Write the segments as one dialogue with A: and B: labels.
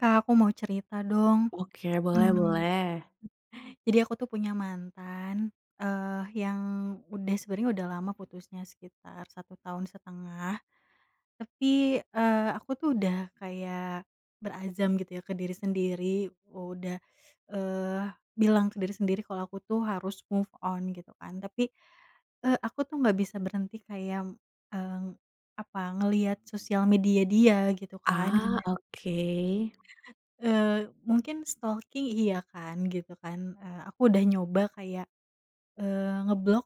A: Kak aku mau cerita dong.
B: Oke boleh
A: Mmm,
B: boleh.
A: jadi aku tuh punya mantan, eee, yang udah sebenernya udah lama putusnya sekitar 1.5 tahun tapi, eee, aku tuh udah kayak berazam gitu ya ke diri sendiri udah, eee, bilang ke diri sendiri kalau aku tuh harus move on gitu kan tapi e aku tuh nggak bisa berhenti kayak, eee, apa ngelihat sosial media dia gitu kan
B: Ah
A: giman
B: oke.
A: Eee, mungkin stalking iya kan gitu kan, eee, aku udah nyoba kayak, eee, ngeblok,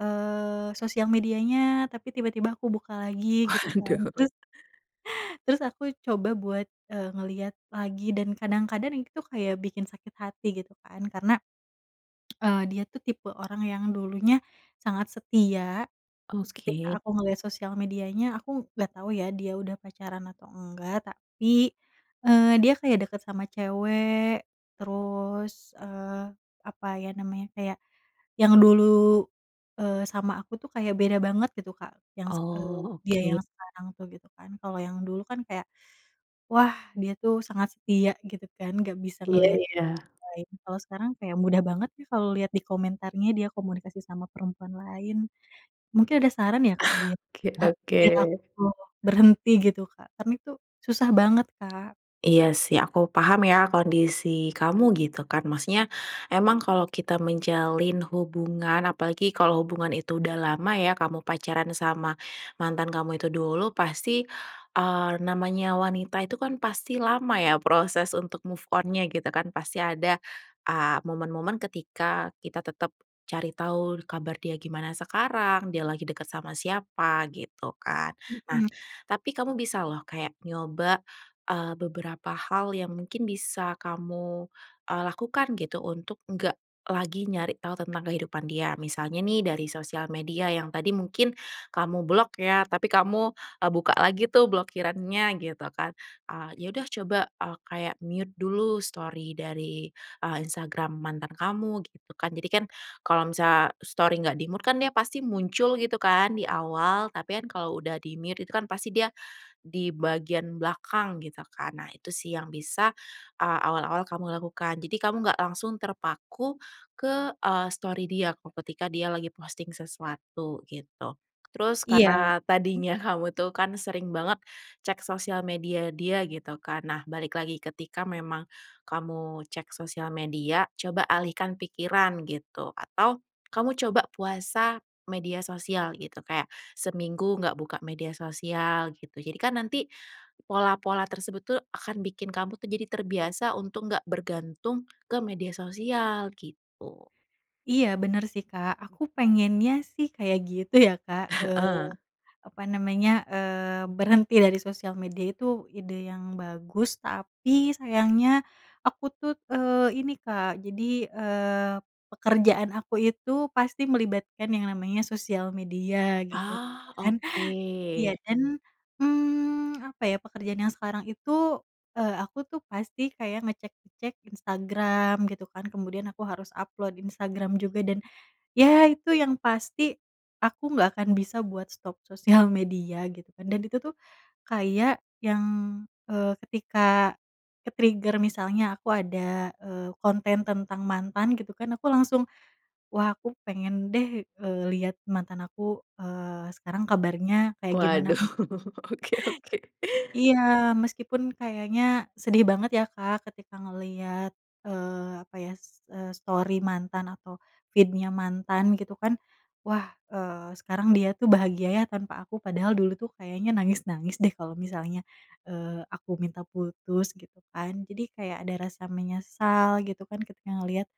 A: eee, sosial medianya tapi tiba-tiba aku buka lagi gitu kan
B: Waduh.
A: terus terus aku coba buat e ngeliat lagi dan kadang-kadang itu kayak bikin sakit hati gitu kan karena, eee, dia tuh tipe orang yang dulunya sangat setia terus
B: Oke.
A: ketika aku ngeliat sosial medianya aku nggak tau ya dia udah pacaran atau enggak tapi, eee, dia kayak deket sama cewek terus, eee, apa ya namanya kayak yang dulu, eee, sama aku tuh kayak beda banget gitu Kak yang s eee,
B: Oh
A: dia
B: oke.
A: yang sekarang tuh gitu kan, kalau yang dulu kan kayak, wah dia tuh sangat setia gitu kan nggak bisa
B: Iya
A: ngeliat
B: iya.
A: lain kalo sekarang kayak mudah banget yah kalo liat di komentarnya dia komunikasi sama perempuan lain mungkin ada saran ya Kak biar
B: Oke oke.
A: iya betul, berhenti gitu Kak kan itu susah banget Kak.
B: Iya sih aku paham ya kondisi kamu gitu kan maksudnya emang kalau kita menjalin hubungan apalagi kalau hubungan itu udah lama ya kamu pacaran sama mantan kamu itu dulu, pasti, eee, namanya wanita itu kan pasti lama ya proses untuk move on-nya gitu kan pasti ada a momen-momen ketika kita tetap cari tahu kabar dia gimana sekarang, dia lagi deket sama siapa, gitu kan. Nah
A: Mhm.
B: tapi kamu bisa loh kayak nyoba, eee, beberapa hal yang mungkin bisa kamu e lakukan gitu untuk nggak lagi nyari tahu tentang kehidupan dia misalnya nih dari sosial media yang tadi mungkin kamu blok ya tapi kamu e buka lagi tuh blokirannya gitu kan. A ya udah coba a kayak mute dulu story dari e Instagram mantan kamu gitu kan jadikan kalau misalnya story nggak di-mute kan dia pasti muncul gitu kan di awal tapi kan kalau udah di-mute itu kan pasti dia di bagian belakang gitu kan. Nah itu sih yang bisa a awal-awal kamu lakukan jadi kamu nggak langsung terpaku ke e story dia ko ketika dia lagi posting sesuatu gitu, terus
A: Iya.
B: karena
A: Hmm.
B: tadinya kamu tuh kan sering banget cek sosial media dia gitu kan, nah balik lagi ketika memang kamu cek sosial media coba alihkan pikiran gitu atau kamu coba puasa media sosial gitu kayak seminggu nggak buka media sosial gitu, jadikan nanti pola-pola tersebut tuh akan bikin kamu tuh jadi terbiasa untuk nggak bergantung ke media sosial gitu.
A: Iya bener sih Kak aku pengennya sih kayak gitu ya Kak, eee,
B: Heeh.
A: apa namanya, eee, berhenti dari sosial media itu ide yang bagus tapi sayangnya aku tuh, eee, ini Kak jadi, eee, pekerjaan aku itu pasti melibatkan yang namanya sosial media gitu
B: Ah,
A: kan. Iya
B: oke.
A: dan, mmm, apa ya pekerjaan yang sekarang itu e aku tuh pasti kayak ngecek-ngecek Instagram gitu kan kemudian aku harus upload Instagram juga dan ya itu yang pasti aku nggak akan bisa buat stop sosial media gitu kan dan itu tuh kayak yang, eee, ketika ke-trigger misalnya aku ada, eee, konten tentang mantan gitu kan aku langsung, "Wah aku pengen deh, eee, liat mantan aku, eee, sekarang kabarnya kayak gimana."
B: Waduh, oke oke.
A: Iya, meskipun kayaknya sedih banget ya Kak ketika ngeliat, eee, apa ya s eee, story mantan atau feed-nya mantan gitu kan wah, eee, sekarang dia tuh bahagia ya tanpa aku padahal dulu tuh kayaknya nangis-nangis deh kalau misalnya, eee, aku minta putus gitu kan jadi kayak ada rasa menyesal gitu kan ketika ngelihat,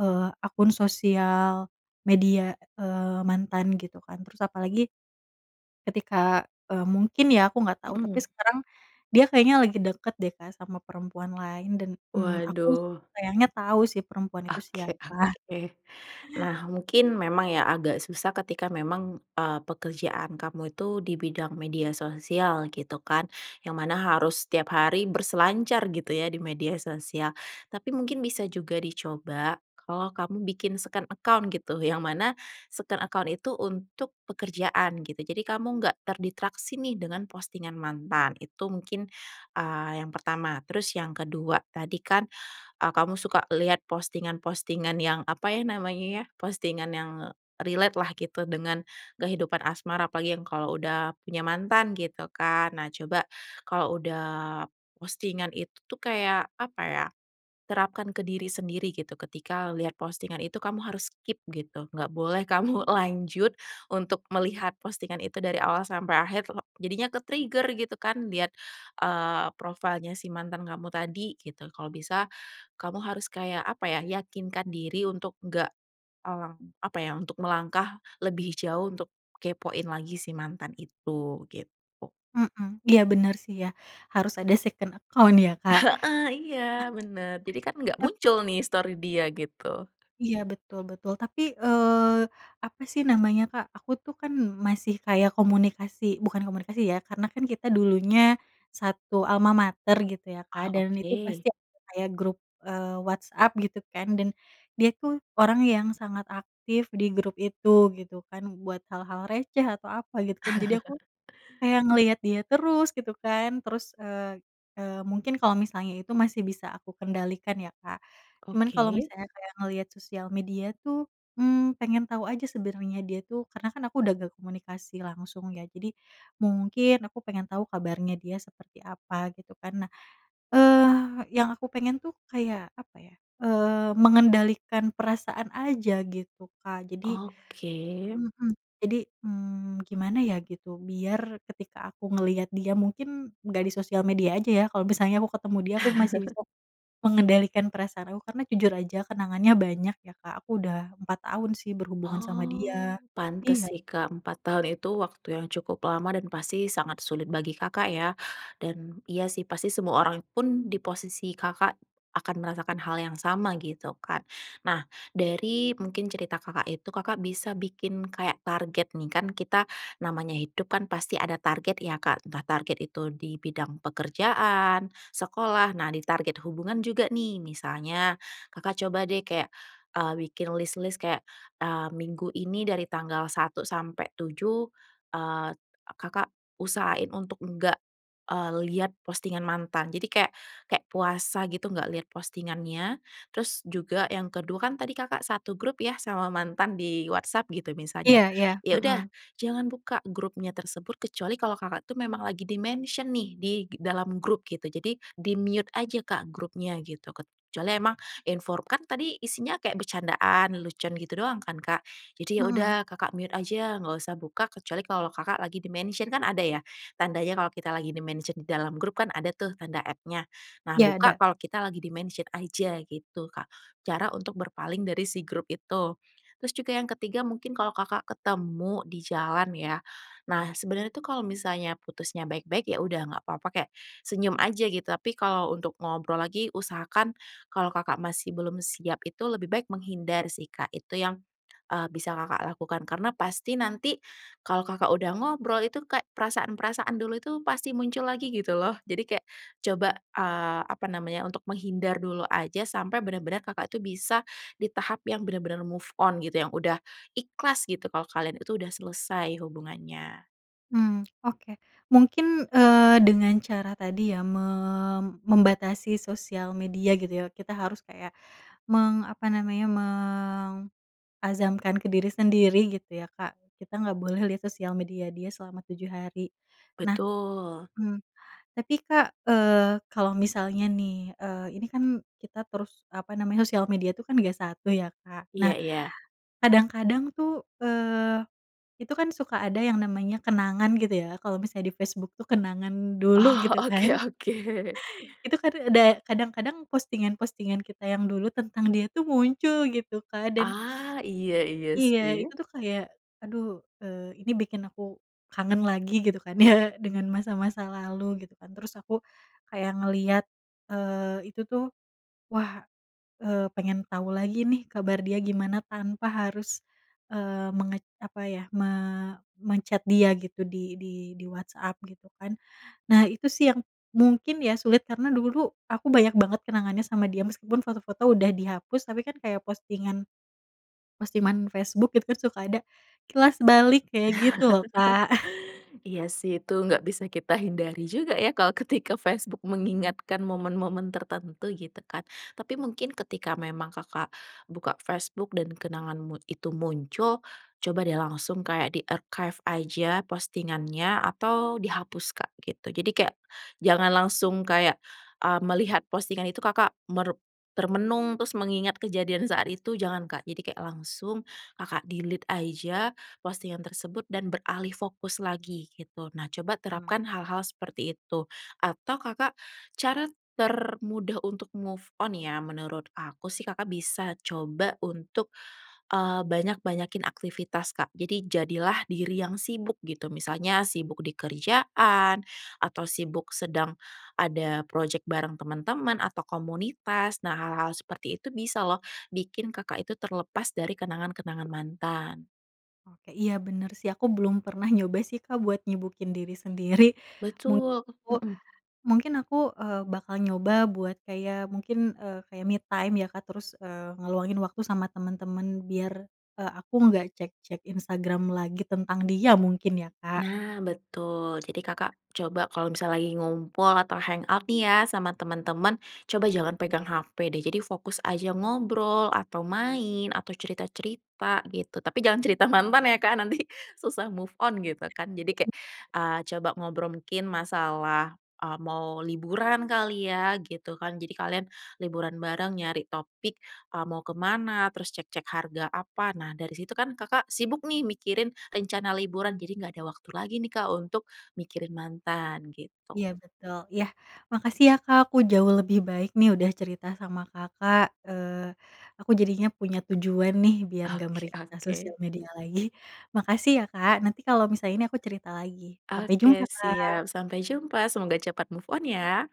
A: eee, akun sosial media, eee, mantan gitu kan terus apalagi ketika e mungkin ya aku nggak tau tapi
B: Mhm.
A: sekarang dia kayaknya lagi deket deh Kak sama perempuan lain dan, mmm, aku
B: Waduh.
A: sayangnya tau sih perempuan itu
B: Oke
A: siapa.
B: oke. Nah mungkin memang ya agak susah ketika memang e pekerjaan kamu itu di bidang media sosial gitu kan, yang mana harus setiap hari berselancar gitu ya di media sosial. Tapi mungkin bisa juga dicoba kalau kamu bikin second account gitu yang mana second account itu untuk pekerjaan gitu, jadi kamu nggak terdistraksi nih dengan postingan mantan itu mungkin, eee, yang pertama. Terus yang kedua tadi kan e kamu suka lihat postingan-postingan yang apa ya namanya ya postingan yang relate lah gitu dengan kehidupan asmara apalagi yang kalau udah punya mantan gitu kan. Nah coba kalau udah postingan itu tuh kayak apa ya terapkan ke diri sendiri gitu ketika lihat postingan itu kamu harus keep gitu, nggak boleh kamu lanjut untuk melihat postingan itu dari awal sampai akhir tulok jadinya ke-trigger gitu kan lihat, eee, profile-nya si mantan kamu tadi gitu kalau bisa kamu harus kayak apa ya yakinkan diri untuk enggak, mmm, apa ya untuk melangkah lebih jauh untuk kepoin lagi si mantan itu gitu.
A: Mhm, iya bener sih ya harus ada second account ya Kak.
B: Heeh, iya bener jadi kan nggak muncul nih story dia gitu.
A: Iya betul betul tapi, eee, apa sih namanya Kak? Aku tuh kan masih kayak komunikasi bukan komunikasi ya karena kan kita dulunya satu almamater gitu ya Kak
B: Oh,
A: dan itu
B: oke.
A: pasti ada kayak grup, eee, WhatsApp gitu kan dan dia tuh orang yang sangat aktif di grup itu, gitu kan, buat hal-hal receh atau apa gitu kan jadi aku kayak ngeliat dia terus gitu kan terus, eee, eee, mungkin kalau misalnya itu masih bisa aku kendalikan ya Kak, cuman kalau
B: Oke.
A: misalnya kayak ngeliat sosial media tuh, mmm, pengen tau aja sebenernya dia tuh karena kan aku udah nggak komunikasi langsung ya jadi mungkin aku pengen tau kabarnya dia seperti apa gitu kan nah, eee, yang aku pengen tuh kayak apa ya, eee, mengendalikan perasaan aja gitu Kak jadi
B: Oke.
A: heeh, jadi, mmm, gimana ya gitu biar ketika aku ngeliat dia mungkin nggak di sosial media aja ya kalau misalnya aku ketemu dia aku masih bisa mengendalikan perasaan aku karena jujur aja kenangannya banyak ya Kak aku udah 4 tahun sih berhubungan sama
B: Oh
A: dia,
B: pantes
A: iya.
B: sih Kak 4 tahun itu waktu yang cukup lama dan pasti sangat sulit bagi Kakak ya dan iya sih pasti semua orang pun di posisi Kakak akan merasakan hal yang sama gitu kan. Nah, dari mungkin cerita Kakak itu Kakak bisa bikin kayak target nih, kan kita namanya hidupkan pasti ada target ya Kak, entah target itu di bidang pekerjaan, sekolah, nah di target hubungan juga nih, misalnya Kakak coba deh kayak, eee, bikin lis-lis kayak, eee, minggu ini dari tanggal 1 sampai 7, eee, Kakak usahain untuk enggak, eee, lihat postingan mantan jadi kayak kayak puasa gitu enggak lihat postingannya, terus juga yang ke-2 kan tadi Kakak satu grup ya sama mantan di WhatsApp gitu misalnya
A: Iya iya,
B: ya
A: mhm.
B: udah jangan buka grupnya tersebut kecuali kalau Kakak itu memang lagi di-mention nih di g dalam grup gitu jadi di-mute aja Kak grupnya gitu kecuali emang infor kan tadi isinya kayak bercandaan, lelucon gitu doang kan Kak, jadi ya udah
A: Mhm.
B: Kakak mute aja nggak usah buka kecuali kalau Kakak lagi di-mention kan ada ya tandanya kalau kita lagi di-mention di dalam grup kan ada tuh tanda @-nya nah
A: Iya
B: buka
A: ada.
B: kalau kita lagi di-mention aja gitu Kak cara untuk berpaling dari si grup itu. Terus juga yang ke-3 mungkin kalau Kakak ketemu di jalan ya, nah sebenarnya itu kalau misalnya putusnya baik-baik ya udah nggak papa kayak senyum aja gitu, tapi kalau untuk ngobrol lagi usahakan kalau Kakak masih belum siap itu lebih baik menghindar sih Kak itu yang e bisa Kakak lakukan, karena pasti nanti kalau Kakak udah ngobrol itu kayak perasaan-perasaan dulu itu pasti muncul lagi gitu loh jadi kayak coba, eee, apa namanya untuk menghindar dulu aja sampai benar-benar Kakak itu bisa di tahap yang benar-benar move on gitu, yang udah ikhlas gitu, kalau kalian itu udah selesai hubungannya.
A: Hmm oke mungkin, eee, dengan cara tadi ya mem membatasi sosial media gitu ya kita harus kayak meng apa namanya meng azamkan ke diri sendiri gitu ya Kak kita nggak boleh lihat sosial media dia selama 7 hari. Nah,
B: Betul.
A: mmm, tapi Kak, eee, kalau misalnya nih, eee, ini kan kita terus apa namanya sosial media itu kan nggak satu ya Kak nah
B: Iya iya.
A: kadang-kadang tuh, eee, itu kan suka ada yang namanya kenangan gitu ya kalo misalnya di Facebook tuh kenangan dulu
B: Oh,
A: gitu kan
B: oke oke.
A: itu, kan ada kadang-kadang postingan-postingan kita yang dulu tentang dia tuh muncul gitu Kak dan,
B: Ah, iya iya
A: iya itu
B: sih.
A: tuh kayak aduh, eee, ini bikin aku kangen lagi gitu kan ya dengan masa-masa lalu gitu kan terus aku kayak ngeliat, eee, itu tuh wah, eee, pengen tau lagi nih kabar dia gimana tanpa harus, eee, menget apa ya me men-chat dia gitu di di di WhatsApp gitu kan, nah itu sih yang mungkin ya sulit karena dulu aku banyak banget kenangannya sama dia meskipun foto-foto udah dihapus tapi kan kayak postingan postingan Facebook itu suka ada kilas balik kayak gitu loh Kak.
B: Iya sih itu nggak bisa kita hindari juga ya kalau ketika Facebook mengingatkan momen-momen tertentu gitu kan. Tapi mungkin ketika memang Kakak buka Facebook dan kenangan mut itu muncul coba deh langsung kayak di-archive aja postingannya atau dihapus Kak gitu jadi kayak jangan langsung kayak, eee, melihat postingan itu Kakak merep termenung terus mengingat kejadian saat itu jangan Kak jadi kayak langsung Kakak delete aja postingan tersebut dan beralih fokus lagi gitu nah coba
A: Mmm.
B: terapkan hal-hal seperti itu atau Kakak cara termudah untuk move on ya menurut aku sih Kakak bisa coba untuk, eee, banyak-banyakin aktivitas Kak, jadi jadilah diri yang sibuk gitu misalnya sibuk di kerjaan atau sibuk sedang ada projek bareng teman-teman atau komunitas nah hal-hal seperti itu bisa loh bikin Kakak itu terlepas dari kenangan-kenangan mantan.
A: Oke, iya bener sih aku belum pernah nyoba sih Kak buat nyibukin diri sendiri
B: Betul,
A: menghipo
B: mhm.
A: mungkin aku e bakal nyoba buat kayak mungkin e kayak me time ya Kak terus e ngeluangin waktu sama temen-temen biar e aku nggak cek-cek Instagram lagi tentang dia mungkin ya Kak.
B: Nah betul, jadi Kakak coba kalau misalnya lagi ngumpul atau hangout nih ya sama teman-teman coba jangan pegang HP deh jadi fokus aja ngobrol, atau main, atau cerita-cerita, gitu tapi jangan cerita mantan ya Kak nanti susah move on gitu kan, jadi kayak,
A: [unintelligible]
B: eee, coba ngobrol mungkin masalah e mau liburan kali ya gitu kan, jadi kalian liburan bareng nyari topik e mau kemana terus cek-cek harga apa. Nah dari situ kan Kakak sibuk nih mikirin rencana liburan, jadi nggak ada waktu lagi nih Kak untuk mikirin mantan gitu.
A: Iya betul iya, makasih ya Kak aku jauh lebih baik nih udah cerita sama Kakak, eee, aku jadinya punya tujuan nih biar nggak
B: Oke
A: meriksa sosial
B: oke.
A: media lagi. Makasih ya Kak ,nanti kalau misalnya ini aku cerita lagi sampai jumpa,
B: Oke,
A: Kak.
B: siap sampai jumpa semoga cepat move on ya.